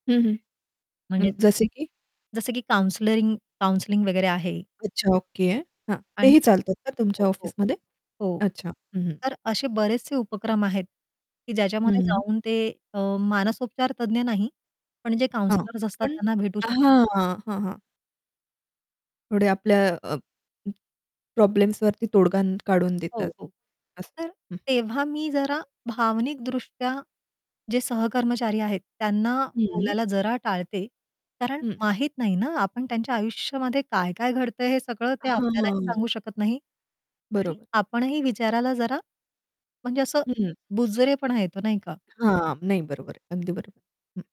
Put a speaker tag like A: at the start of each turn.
A: हं, हं.
B: म्हणजे
A: हं,
B: हं.
A: जसे की
B: जसं की काउंसलरिंग काउंसलिंग वगैरे आहे.
A: अच्छा ओके. हां,
B: आणि
A: तेही चालतात का
B: हो,
A: तुमच्या
B: हो.
A: ऑफिसमध्ये
B: हो.
A: अच्छा. हं, हं.
B: तर असे बरेचसे उपक्रम आहेत की
A: हं,
B: ज्याच्यामध्ये
A: हं.
B: जाऊन ते अ, मानसोपचार तज्ञ नाही, पण जे
A: हां.
B: काउंसलर्स असतात
A: पण
B: त्यांना भेटू
A: हां,
B: शकतात.
A: हां. हां, हां. थोडे आपल्या अ, अ, प्रॉब्लेम्सवरती तोडगा काढून देतात.
B: हो, हो.
A: असं.
B: तर
A: हं.
B: तेव्हा मी जरा भावनिक दृष्ट्या जे सहकर्मचारी आहेत, त्यांना
A: हं.
B: बोलायला जरा टाळते. कारण
A: हं.
B: माहीत नाही ना, आपण त्यांच्या आयुष्यामध्ये काय-काय घडतंय हे सगळं ते
A: हां,
B: आपल्यालाही
A: हां.
B: सांगू शकत नाही. आणि
A: बरोबर.
B: आपणही विचारायला जरा म्हणजे असं
A: हं.
B: बुजरेपणा येतो, नाही का?
A: हां. नाही बरोबर आहे, अगदी बरोबर. हं.